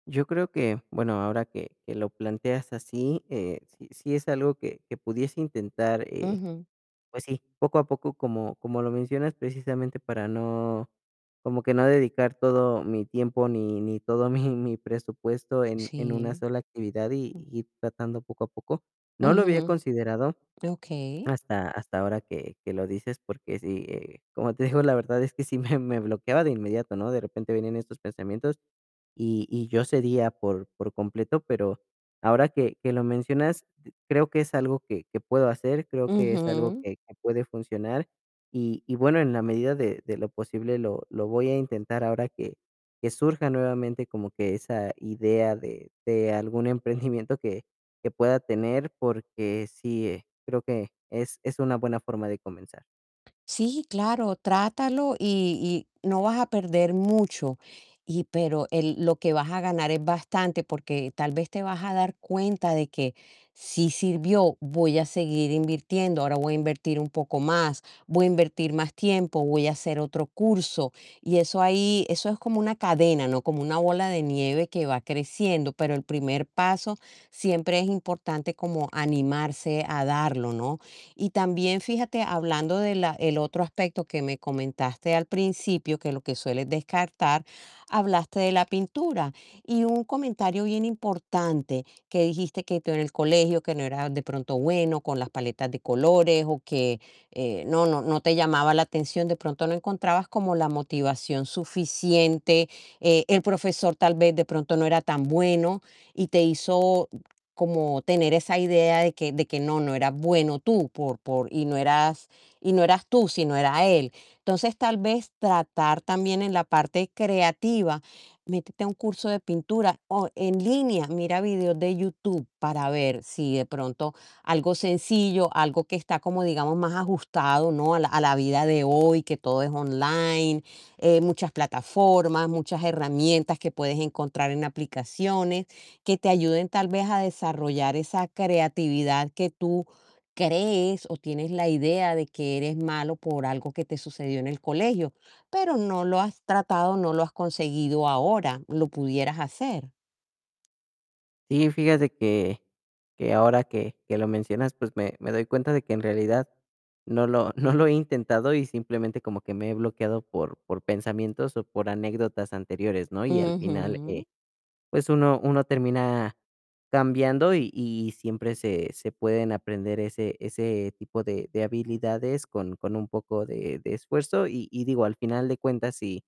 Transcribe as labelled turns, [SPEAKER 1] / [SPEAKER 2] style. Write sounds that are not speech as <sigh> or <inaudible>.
[SPEAKER 1] Yo creo que, bueno, ahora que que lo planteas así, eh, sí, sí es algo que que pudiese intentar, eh,
[SPEAKER 2] Ujú.
[SPEAKER 1] pues, sí, poco a poco, como como lo mencionas, precisamente para no como que no dedicar todo mi tiempo ni ni todo mi mi <chuckles> presupuesto en en una
[SPEAKER 2] Sí.
[SPEAKER 1] sola actividad y y tratando poco a poco. No lo había
[SPEAKER 2] Ujú.
[SPEAKER 1] considerado
[SPEAKER 2] Okey.
[SPEAKER 1] hasta hasta ahora que que lo dices, porque si, eh, como te digo, la verdad es que, sí, me me bloqueaba de inmediato, ¿no? De repente venían estos pensamientos y y yo cedía por por completo, pero ahora que que lo mencionas, creo que es algo que que puedo hacer, creo que es algo
[SPEAKER 2] Ujú.
[SPEAKER 1] que que puede funcionar y y bueno, en la medida de de lo posible lo lo voy a intentar ahora que que surja nuevamente como que esa idea de de algún emprendimiento que que pueda tener, porque sí, eh, creo que es es una buena forma de comenzar.
[SPEAKER 2] Sí, claro, trátalo y y no vas a perder mucho y pero el lo que vas a ganar es bastante, porque tal vez te vas a dar cuenta de que, sí sirvió, voy a seguir invirtiendo, ahora voy a invertir un poco más, voy a invertir más tiempo, voy a hacer otro curso y eso ahí, eso es como una cadena, ¿no? Como una bola de nieve que va creciendo, pero el primer paso siempre es importante como animarse a darlo, ¿no? Y también fíjate, hablando de la el otro aspecto que me comentaste al principio, que lo que sueles descartar, hablaste de la pintura y un comentario bien importante que dijiste: "Que tú en el colegio, que no eras de pronto bueno con las paletas de colores, o que, eh, no no no te llamaba la atención". De pronto no encontrabas como la motivación suficiente, eh, el profesor, tal vez de pronto no era tan bueno y te hizo como tener esa idea de que de que no, no eras bueno tú por por y no eras, y no eras tú, sino era él. Entonces, tal vez tratar también en la parte creativa, métete a un curso de pintura o en línea, mira videos de YouTube, para ver si de pronto algo sencillo, algo que está como digamos, más ajustado, ¿no? a la a la vida de hoy, que todo es online, eh, muchas plataformas, muchas herramientas que puedes encontrar en aplicaciones que te ayuden, tal vez a desarrollar esa creatividad que tú crees o tienes la idea de que eres malo por algo que te sucedió en el colegio, pero no lo has tratado, no lo has conseguido ahora. ¿Lo pudieras hacer?
[SPEAKER 1] Sí, fíjate que que ahora que que lo mencionas, pues, me me doy cuenta de que en realidad no lo no lo he intentado y simplemente como que me he bloqueado por por pensamientos o por anécdotas anteriores, ¿no? Y al final, eh,
[SPEAKER 2] Ujú.
[SPEAKER 1] pues, uno uno termina cambiando y y siempre se se pueden aprender ese ese tipo de de habilidades con con un poco de de esfuerzo. Y y digo, al final de cuentas si